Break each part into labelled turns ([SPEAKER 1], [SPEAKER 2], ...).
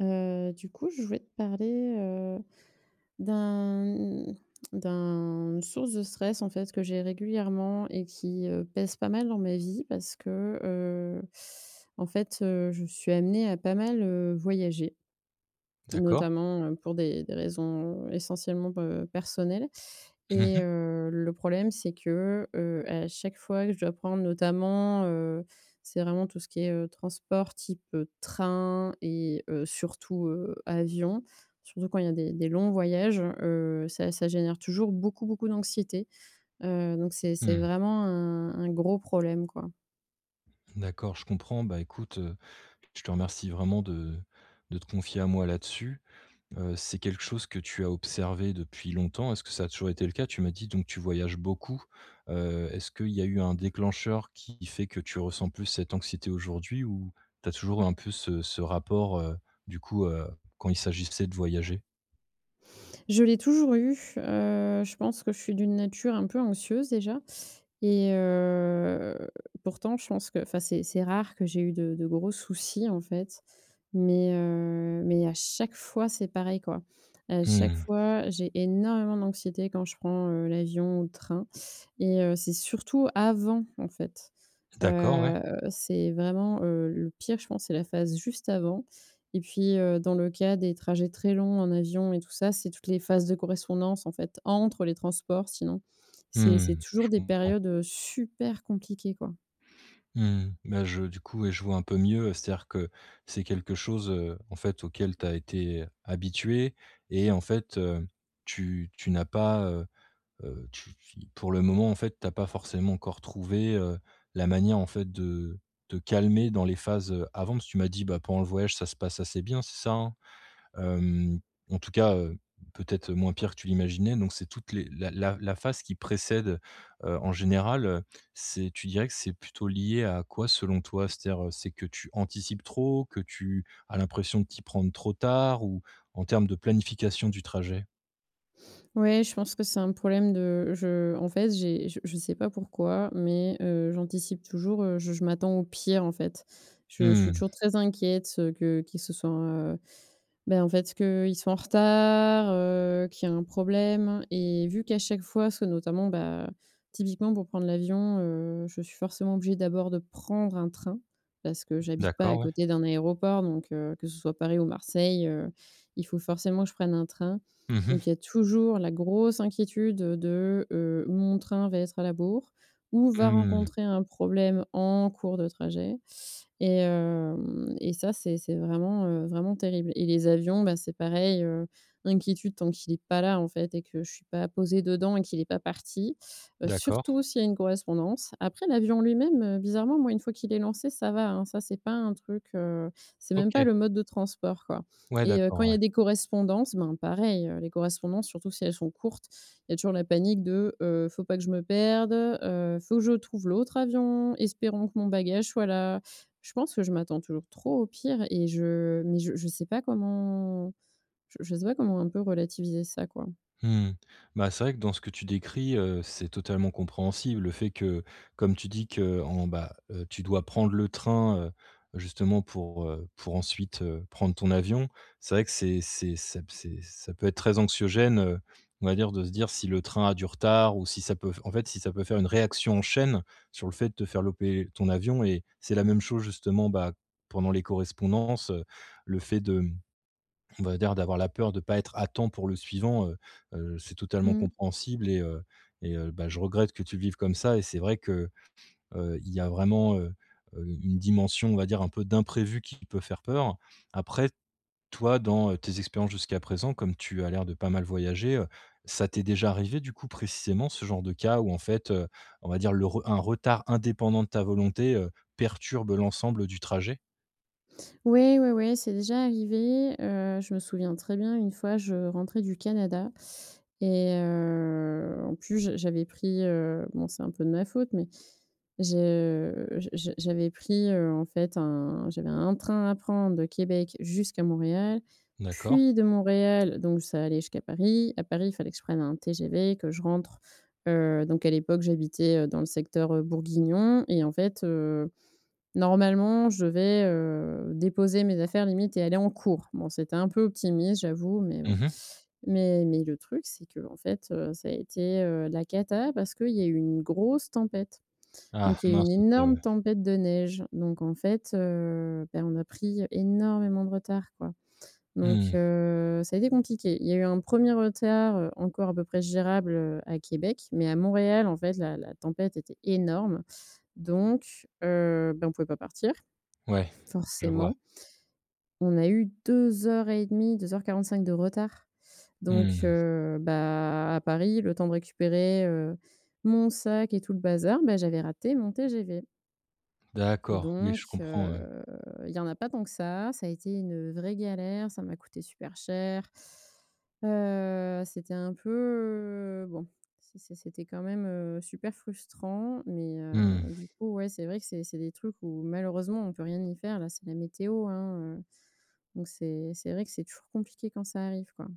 [SPEAKER 1] Heu, du coup, je voulais te parler, heu, d'un, mmh, d'un d'une source de stress, en fait, que j'ai régulièrement et qui, heu, pèse pas mal dans ma vie parce que, heu, en fait, heu, je suis amenée à pas mal, heu, voyager.
[SPEAKER 2] D'accord.
[SPEAKER 1] Notamment, heu, pour des des raisons, heu, essentiellement, heu, b personnelles.
[SPEAKER 2] Mmh
[SPEAKER 1] Et,
[SPEAKER 2] mh.
[SPEAKER 1] heu, le problème, c'est que, heu, à chaque fois que je dois prendre notamment, heu, c'est vraiment tout ce qui est, heu, transport type, heu, train et heu, surtout, heu, avion surtout quand il y a des des longs voyages. Heu, ça ça génère toujours beaucoup, beaucoup d'anxiété. Heu, donc c'est c'est
[SPEAKER 2] Mmh.
[SPEAKER 1] vraiment un un gros problème, quoi.
[SPEAKER 2] D'accord, je comprends. Bah, écoute, heu. Je te remercie vraiment de de te confier à moi là-dessus. Heu, c'est quelque chose que tu as observé depuis longtemps. Est-ce que ça a toujours été le cas? Tu m'as dit, donc, tu voyages beaucoup. Heu, est-ce qu'il y a eu un déclencheur qui fait que tu ressens plus cette anxiété aujourd'hui? Ou tu as toujours eu un peu ce ce rapport, heu, du coup, heu, quand il s'agissait de voyager?
[SPEAKER 1] Je l'ai toujours eu. Heu je pense que je suis d'une nature un peu anxieuse déjà. Et heu pourtant je pense que enfin c'est c'est rare que j'ai eu de de gros soucis, en fait. Mais, heu, mais à chaque fois, c'est pareil, quoi. À
[SPEAKER 2] Mmh
[SPEAKER 1] chaque
[SPEAKER 2] mh.
[SPEAKER 1] fois, j'ai énormément d'anxiété, quand je prends, heu, l'avion ou le train et heu, c'est surtout avant, en fait.
[SPEAKER 2] D'accord. Ouais.
[SPEAKER 1] Heu, c'est vraiment, heu, le pire, je pense, c'est la phase juste avant. Et puis, heu, dans le cas des trajets très longs en avion et tout ça, c'est toutes les phases de correspondance, en fait, entre les transports, sinon. C'est
[SPEAKER 2] Mmh
[SPEAKER 1] c'est
[SPEAKER 2] mh.
[SPEAKER 1] toujours
[SPEAKER 2] Je
[SPEAKER 1] des
[SPEAKER 2] comprends.
[SPEAKER 1] périodes, heu, super compliquées, quoi.
[SPEAKER 2] Mmh mh. Bah je du coup, ouais, je vois un peu mieux. Heu c'est-à-dire que, c'est quelque chose, heu, en fait, auquel tu as été habituée et en fait, heu, tu tu n'as pas, heu, heu, tu fi pour le moment, en fait, tu as pas forcément encore trouvé, heu, la manière, en fait, de te calmer dans les phases, heu, avant, parce que tu m'as dit: «Ben pendant le voyage, ça se passe assez bien». C'est ça hein? Hem, en tout cas, heu, peut-être moins pire que tu l'imaginais. Donc, c'est toutes les la la la phase qui précède, heu, en général, heu, c'est tu dirais que c'est plutôt lié à quoi, selon toi? C'est-à-dire, heu, que c'est que tu anticipes trop? Que tu as l'impression de t'y prendre trop tard? Ou en termes de planification du trajet?
[SPEAKER 1] Oui, je pense que c'est un problème de je en fait j'ai j je sais pas pourquoi, mais, heu, j'anticipe toujours. Heu, je je m'attends au pire, en fait. Je je suis
[SPEAKER 2] Mmh.
[SPEAKER 1] toujours très inquiète, heu, que qu'il se soit, heu bah en fait qu'il soit en retard, heu, qu'il y ait un problème. Et vu qu'à chaque fois, soit notamment, bah, typiquement, pour prendre l'avion, heu, je suis forcément obligée, d'abord, de prendre un train parce que j'habite pas à
[SPEAKER 2] D'accord. Ouais.
[SPEAKER 1] côté d'un aéroport. Donc, heu, que ce soit Paris ou Marseille, heu, il faut forcément que je prenne un train.
[SPEAKER 2] Mmh mh.
[SPEAKER 1] Donc il y a toujours la grosse inquiétude de heu, ou mon train va être à la bourre ou va
[SPEAKER 2] Mmh.
[SPEAKER 1] rencontrer un problème en cours de trajet. Et hem et ça, c'est c'est vraiment, heu, vraiment terrible. Et les avions, bah, c'est pareil. Heu, l'inquiétude tant qu'il est pas là en fait, et que je suis pas posée dedans et qu'il est pas parti. Heu,
[SPEAKER 2] D'accord.
[SPEAKER 1] surtout s'il y a une correspondance. Après, l'avion, en lui-même, heu, bizarrement, moi, une fois qu'il est lancé, ça va, hein! Ça, c'est pas un truc, heu. C'est même pas
[SPEAKER 2] OK.
[SPEAKER 1] le mode de transport, quoi.
[SPEAKER 2] Ouais,
[SPEAKER 1] Et heu,
[SPEAKER 2] d'accord.
[SPEAKER 1] quand il y
[SPEAKER 2] Ouais.
[SPEAKER 1] a des correspondances, ben, pareil. Les correspondances, surtout si elles sont courtes, il y a toujours la panique de, heu, faut pas que je me perde. Heu, faut que je trouve l'autre avion, espérons que mon bagage soit là. Je pense que je m'attends toujours trop au pire. Et je mais je je sais pas comment je je sais pas comment on peut relativiser ça, quoi?
[SPEAKER 2] Mmh mh. Bah, c'est vrai que, dans ce que tu décris, heu, c'est totalement compréhensible. Le fait que, comme tu dis, qu'en bah, heu, tu dois prendre le train, heu, justement pour, heu pour ensuite, heu, prendre ton avion, c'est vrai que c'est c'est ça c'est ça peut être très anxiogène, heu, on va dire, de se dire, si le train a du retard ou si ça peut en fait si ça peut faire une réaction en chaîne sur le fait de te faire louper ton avion. Et c'est la même chose, justement, bah pendant les correspondances, heu, le fait de mmh, on va dire d'avoir la peur de pas être à temps pour le suivant. Heu heu, c'est totalement
[SPEAKER 1] Mmh.
[SPEAKER 2] compréhensible et heu et heu, bah je regrette que tu le vives comme ça. Et c'est vrai que, heu, il y a vraiment, heu, u une dimension, on va dire un peu d'imprévu qui peut faire peur. Après, toi, dans, heu, tes expériences jusqu'à présent- comme tu as l'air de pas mal voyager- heu, ça t'est déjà arrivé, du coup, précisément, ce genre de cas où en fait, heu, on va dire, le re un retard indépendant de ta volonté, heu, perturbe l'ensemble du trajet?
[SPEAKER 1] Oui, oui, oui, c'est déjà arrivé, heu, je me souviens très bien. Une fois, je rentrais du Canada et heu en plus j j'avais pris, heu bon c'est un peu de ma faute mais je j j j'avais pris, heu, en fait un j'avais un train à prendre de Québec jusqu'à Montréal
[SPEAKER 2] D'accord.
[SPEAKER 1] puis de Montréal, donc ça allait jusqu'à Paris, à Paris il fallait que je prenne un TGV, que je rentre, heu, donc à l'époque j'habitais, heu, dans le secteur, heu, bourguignon et en fait, heu, normalement je devais, heu, déposer mes affaires, limite, et aller en cours. Bon, c'était un peu optimiste, j'avoue, mais bon.
[SPEAKER 2] Mmh mh.
[SPEAKER 1] Mais mais le truc, c'est qu'en fait, heu, ça a été, heu, la cata parce qu'il y a eu une grosse tempête.
[SPEAKER 2] Ah.
[SPEAKER 1] Donc il y a eu
[SPEAKER 2] Mince,
[SPEAKER 1] une
[SPEAKER 2] OK, ouais.
[SPEAKER 1] énorme tempête de neige, donc en fait, heu, bah, on a pris énormément de retard, quoi. Donc,
[SPEAKER 2] Mmh.
[SPEAKER 1] heu, ça a été compliqué. Il y a eu un 1er retard, heu, encore à peu près gérable, heu, à Québec, mais à Montréal en fait la-la tempête était énorme donc, heu, bah, on pouvait pas partir,
[SPEAKER 2] Ouais, je vois.
[SPEAKER 1] forcément on a eu 2 heures et 1/2 2 heures 45 de retard. Donc,
[SPEAKER 2] Mmh.
[SPEAKER 1] heu, bah, à Paris, le temps de récupérer, heu, mon sac et tout le bazar, ben j'avais raté mon TGV.
[SPEAKER 2] D'accord. Oui,
[SPEAKER 1] Donc,
[SPEAKER 2] je comprends, ouais.
[SPEAKER 1] heu, il y en a pas tant que ça, ça a été une vraie galère, ça m'a coûté super cher. Heu, c'était un peu bon c'est c'est c'était quand même, heu, super frustrant mais, heu,
[SPEAKER 2] Mmh.
[SPEAKER 1] du coup ouais c'est vrai que c'est c'est des trucs où malheureusement on peut rien y faire, là c'est la météo, hein, heu. Donc c'est c'est vrai que c'est toujours compliqué quand ça arrive, quoi.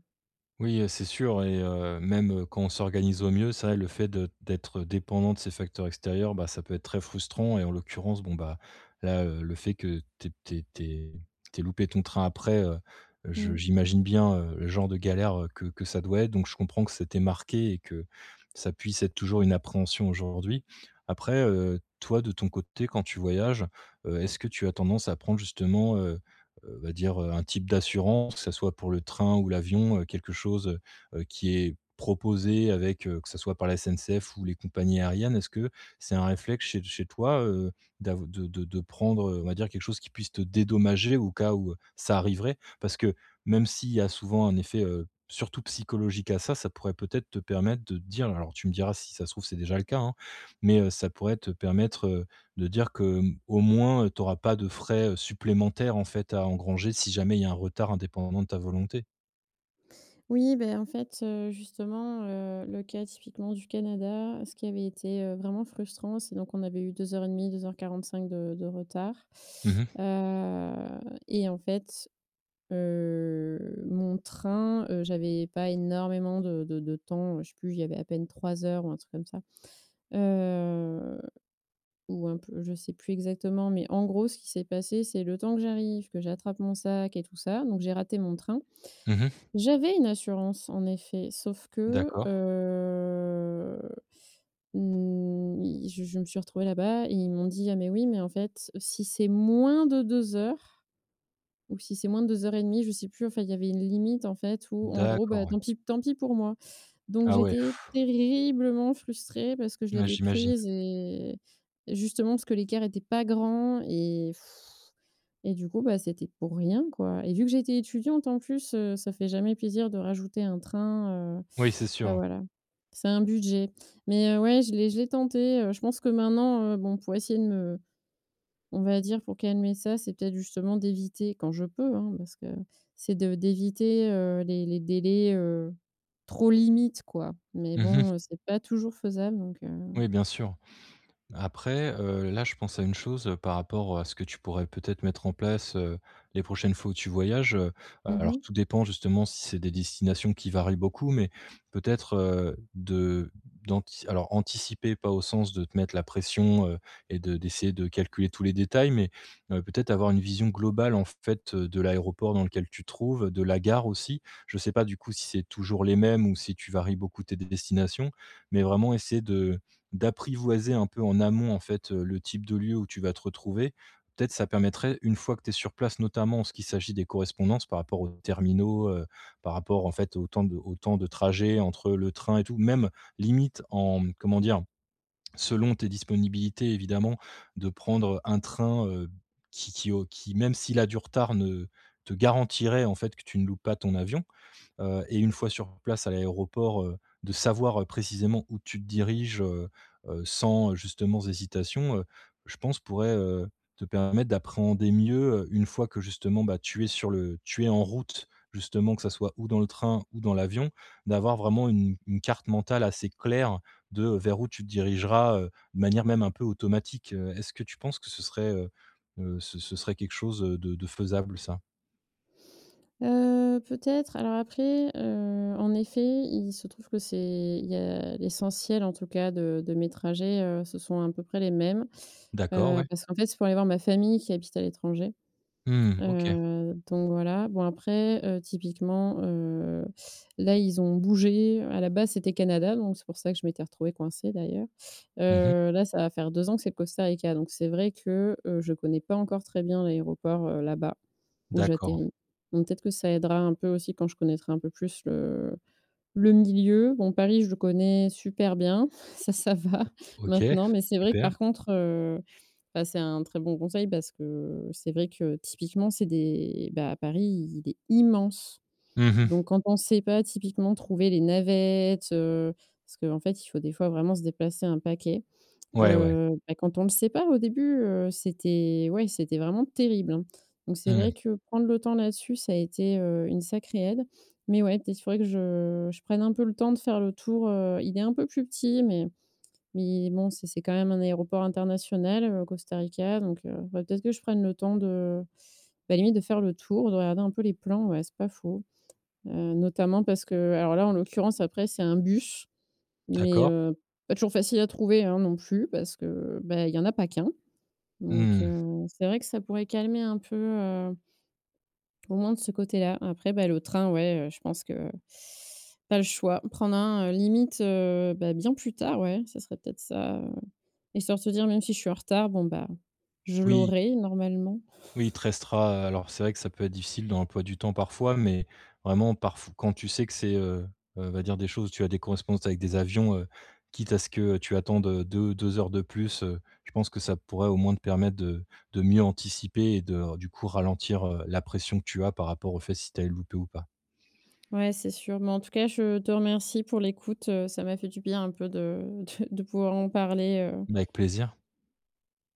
[SPEAKER 2] Oui, heu, c'est sûr et heu, même, heu, quand on s'organise au mieux, c'est vrai, le fait de d'être dépendant de ces facteurs extérieurs, bah ça peut être très frustrant. Et en l'occurrence, bon bah, là, heu, le fait que tu aies tu aies tu aies tu aies loupé ton train après, heu, je
[SPEAKER 1] Mmh.
[SPEAKER 2] j'imagine bien, heu, le genre de galère, heu, que que ça doit être. Donc, je comprends que ça t'ait marquée et que ça puisse être toujours une appréhension aujourd'hui. Après, heu, toi de ton côté, quand tu voyages, heu, est-ce que tu as tendance à prendre, justement, heu, heu, va dire, heu, un type d'assurance, que ça soit pour le train ou l'avion, heu, quelque chose, heu heu, qui est proposé avec, heu, que ce soit par la SNCF ou les compagnies aériennes, est-ce que c'est un réflexe chez chez toi, heu, d'av de de de prendre, heu, on va dire, quelque chose qui puisse te dédommager au cas où ça arriverait? Parce que, même s'il y a souvent un effet, heu, surtout psychologique à ça, ça pourrait peut-être te permettre de te dire- alors tu me diras, si ça se trouve, c'est déjà le cas, hein- mais, heu, ça pourrait te permettre, heu, de dire que, hem, au moins, tu auras pas de frais, heu, supplémentaires, en fait, à engranger, si jamais il y a un retard indépendant de ta volonté.
[SPEAKER 1] Oui, beh en fait, heu, justement, heu, le cas typiquement du Canada. Ce qui avait été, heu, vraiment frustrant, c'est donc qu'on avait eu 2:30-2:45 de de retard,
[SPEAKER 2] Mmh mh.
[SPEAKER 1] heu, et en fait, heu, mon train heu, j'avais pas énormément de de de temps, je sais plus, il y avait à peine 3 heures ou un truc comme ça. Heu, ou un peu je sais plus exactement. Mais en gros, ce qui s'est passé, c'est: le temps que j'arrive, que j'attrape mon sac et tout ça, donc j'ai raté mon train.
[SPEAKER 2] Mmh mh.
[SPEAKER 1] J'avais une assurance, en effet, sauf que
[SPEAKER 2] D'accord.
[SPEAKER 1] heu, n ils je je me suis retrouvée là-bas et ils m'ont dit: «Ah mais oui, mais en fait si c'est moins de 2 heures, ou si c'est moins de 2:30», je sais plus. Enfin il y avait une limite, en fait, ou en gros bah
[SPEAKER 2] D'accord, ouais.
[SPEAKER 1] tant pis tant pis pour moi. Donc
[SPEAKER 2] Ah ouais.
[SPEAKER 1] j'étais terriblement frustrée, parce que je
[SPEAKER 2] Ouais,
[SPEAKER 1] l'avais
[SPEAKER 2] j'imagine.
[SPEAKER 1] prise et et justement parce que l'écart était pas grand et et du coup bah c'était pour rien, quoi. Et vu que j'étais étudiante en plus, heu, ça fait jamais plaisir de rajouter un train, heu
[SPEAKER 2] Oui, c'est sûr,
[SPEAKER 1] bah
[SPEAKER 2] ouais.
[SPEAKER 1] voilà. C'est un budget. Mais, heu, ouais, je l'ai je l'ai tenté, heu. Je pense que maintenant, heu, bon pour essayer de me on va dire, pour calmer ça, c'est peut-être justement d'éviter, quand je peux, hein, parce que c'est de d'éviter, heu, les les délais, heu, trop limites, quoi. Mais
[SPEAKER 2] Mmh mh.
[SPEAKER 1] bon, heu, c'est pas toujours faisable donc, heu
[SPEAKER 2] Oui, bien sûr. Après, heu, là, je pense à une chose par rapport à ce que tu pourrais peut-être mettre en place, heu, les prochaines fois où tu voyages, heu.
[SPEAKER 1] Mmh
[SPEAKER 2] Alors
[SPEAKER 1] mh.
[SPEAKER 2] tout dépend justement, si c'est des destinations qui varient beaucoup, mais peut-être, heu, de d'antic alors, anticiper, pas au sens de te mettre la pression, heu, et de d'essayer de calculer tous les détails, mais, heu, peut-être avoir une vision globale, en fait, de l'aéroport dans lequel tu te trouves, de la gare aussi. Je sais pas, du coup, si c'est toujours les mêmes, ou si tu varies beaucoup tes destinations, mais vraiment essayer de d'apprivoiser un peu en amont, en fait, heu, le type de lieu où tu vas te retrouver, peut-être ça permettrait une fois que tu es sur place, notamment, en ce qu'il s'agit des correspondances par rapport aux terminaux, heu, par rapport en fait aux temps de aux temps de trajet entre le train, et tout. Même, limite en, mmh comment dire? Selon tes disponibilités, évidemment, de prendre un train, heu, qui qui au qui, même s'il a du retard, ne te garantirait, en fait que tu ne loupes pas ton avion, heu, et une fois sur place à l'aéroport, heu, de savoir, heu, précisément où tu te diriges heu, heu, sans justement, hésitation, heu, je pense, pourrait, heu, te permettre d'appréhender mieux, heu, une fois que justement, bah, tu es sur le tu es en route, justement. Que ça soit ou dans le train ou dans l'avion, d'avoir vraiment une une carte mentale assez claire de vers où tu dirigeras, heu, de manière même un peu automatique. Heu, est-ce que tu penses que ce serait heu, heu, ce ce serait quelque chose, heu, de de faisable, ça?
[SPEAKER 1] Heu, peut-être. Alors après, heu, en effet, il se trouve que c'est il y a l'essentiel, en tout cas de de mes trajets, heu, ce sont à peu près les mêmes.
[SPEAKER 2] D'accord,
[SPEAKER 1] Heu,
[SPEAKER 2] ouais.
[SPEAKER 1] parce qu'en fait, c'est pour aller voir ma famille qui habite à l'étranger.
[SPEAKER 2] Mmh, OK.
[SPEAKER 1] Heu, donc voilà. Bon après, heu, typiquement, heu, là, ils ont bougé. Heu, à la base, c'était Canada, donc c'est pour ça que je m'étais retrouvée coincée, d'ailleurs.
[SPEAKER 2] Mmh mh.
[SPEAKER 1] Heu, là, ça va faire 2 ans que c'est le Costa Rica. Donc, c'est vrai que, heu, je connais pas encore très bien l'aéroport, heu, là-bas, où
[SPEAKER 2] D'accord.
[SPEAKER 1] j'atterris. Donc peut-être que ça aidera un peu aussi, quand je connaîtrai un peu plus le le milieu. Bon, Paris, je le connais super bien, ça, ça va,
[SPEAKER 2] O OK.
[SPEAKER 1] maintenant. Mais c'est vrai que,
[SPEAKER 2] Super.
[SPEAKER 1] par contre, heu, bah, c'est un très bon conseil parce que, c'est vrai que, typiquement, c'est des bah, à Paris, il est immense.
[SPEAKER 2] Mmh mh.
[SPEAKER 1] Donc quand on sait pas typiquement trouver les navettes, heu. Parce qu'en fait, il faut, des fois, vraiment se déplacer un paquet.
[SPEAKER 2] Ouais, ouais.
[SPEAKER 1] Heu, bah, quand on ne sait pas, au début, heu, c'était ouais, c'était vraiment terrible, hein. Donc c'est vrai
[SPEAKER 2] Mmh.
[SPEAKER 1] que prendre le temps là-dessus, ça a été, heu, une sacrée aide. Mais ouais, peut-être, il faudrait que je je prenne un peu le temps de faire le tour, heu, il est un peu plus petit, mais mais bon, c'est c'est quand même un aéroport international, au Costa Rica. Donc heu, faudrait peut-être que je prenne le temps de, bah, limite de faire le tour, de regarder un peu les plans. Ouais, c'est pas faux. Heu, notamment parce que alors là, en l'occurrence, après, c'est un bus, mais,
[SPEAKER 2] D'accord.
[SPEAKER 1] heu, pas toujours facile à trouver, hein, non plus, parce que, heu, bah, il y en a pas qu'un. Donc,
[SPEAKER 2] Mmh.
[SPEAKER 1] heu, c'est vrai que ça pourrait calmer un peu, heu au moins, de ce côté-là. Après, bah, le train, ouais, heu, je pense que pas le choix: prendre un, heu, limite, heu, bah, bien plus tard, ouais, ça serait peut-être ça, heu, histoire de se dire: «Même si je suis en retard, bon bah je
[SPEAKER 2] Oui.
[SPEAKER 1] l'aurai, normalement».
[SPEAKER 2] Oui, il te restera heu, alors, c'est vrai que ça peut être difficile dans l'emploi du temps, parfois, mais vraiment parf quand tu sais que c'est, heu, heu, va dire des choses tu as des correspondances avec des avions, heu, quitte à ce que tu attendes de deux heures de plus, heu, je pense que ça pourrait au moins te permettre de de mieux anticiper et de, du coup, ralentir, heu, la pression que tu as par rapport au fait si tu allais le louper ou pas.
[SPEAKER 1] Ouais, c'est sûr. Mais en tout cas, je te remercie pour l'écoute, heu, ça m'a fait du bien, un peu, de de pouvoir en parler, heu
[SPEAKER 2] Mais, avec plaisir.